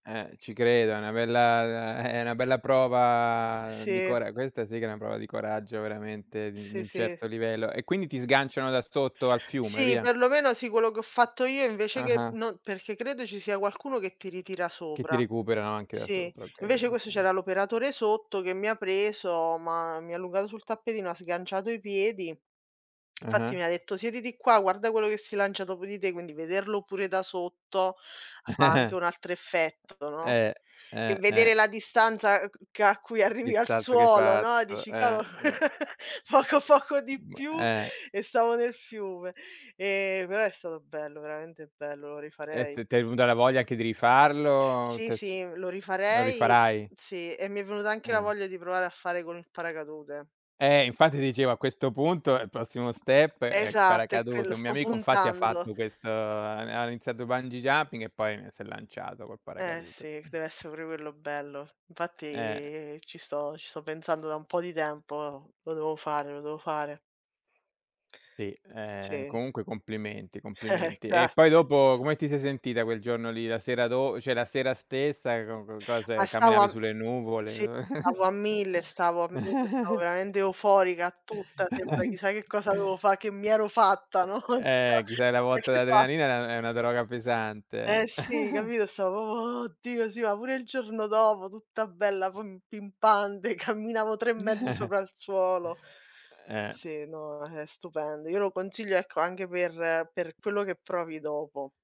Eh, ci credo, è una bella uhm, è una bella prova di Sì. cora questa sì che è una prova di coraggio veramente di di Sì, un sì. certo livello. E, quindi, ti sganciano da sotto al fiume e Sì, via? per lo meno, sì. Quello che ho fatto io, invece, che Ah-ah. no perché credo ci sia qualcuno che ti ritira Che sopra. ti recuperano anche da Sì, sopra, okay, invece questo okay. c'era l'operatore sotto che mi ha preso, m'ha mi ha allungato sul tappetino, ha sganciato i piedi. Infatti mi Ah-ah. ha detto: "Siediti qua, guarda quello che si lancia dopo di te", quindi vederlo pure da sotto, fa anche un altro effetto, no? Eh, E eh, eh. vedere la distanza ch che a cui arrivi Il al salto che hai suolo, no, fatto, dici: eh, "Cavolo, eh. poco poco di Mh, più eh. e stavo nel fiume", ehm, però è stato bello, veramente bello, lo Eh rifarei. t t'è venuta la voglia anche di rifarlo, Sì, t'è s sì, lo lo rifarei rifarai? sì, e mi è venuta anche la Eh. voglia di provare a fare con il paracadute. Eh, infatti, dicevo, a questo punto il prossimo step è il Esatto, è quello, paracadute. Un mio sto amico, infatti, ha puntando. fatto questo ha ha iniziato bungee jumping e poi si è lanciato col Eh paracadute. sì, deve essere pure quello bello. Eh. Infatti, ci sto ci sto pensando da un po' di tempo, lo devo fare, lo devo fare. Sì, ehm, Sì. comunque complimenti, complimenti. E poi Grazie. dopo come ti sei sentita quel giorno lì? La sera do cioè la sera stessa, co co Ma cos'è? stavo a Camminavi m sulle sì, nuvole? stavo a mille, stavo a mille, stavo veramente euforica tutta, sembra chissà che cosa dovevo fa che mi ero fatta, no, [unintelligible] Ehm, ti fai la botta [unintelligible] d'adrenalina, è una è una droga Eh, pesante. sì, capito? Stavo proprio: "Oddio, sì", ma pure il giorno dopo, tutta bella pum pimpante, camminavo 3 metri sopra il suolo. Eh. Sì, no, è stupendo, io lo consiglio, ecco, anche per per quello che provi dopo.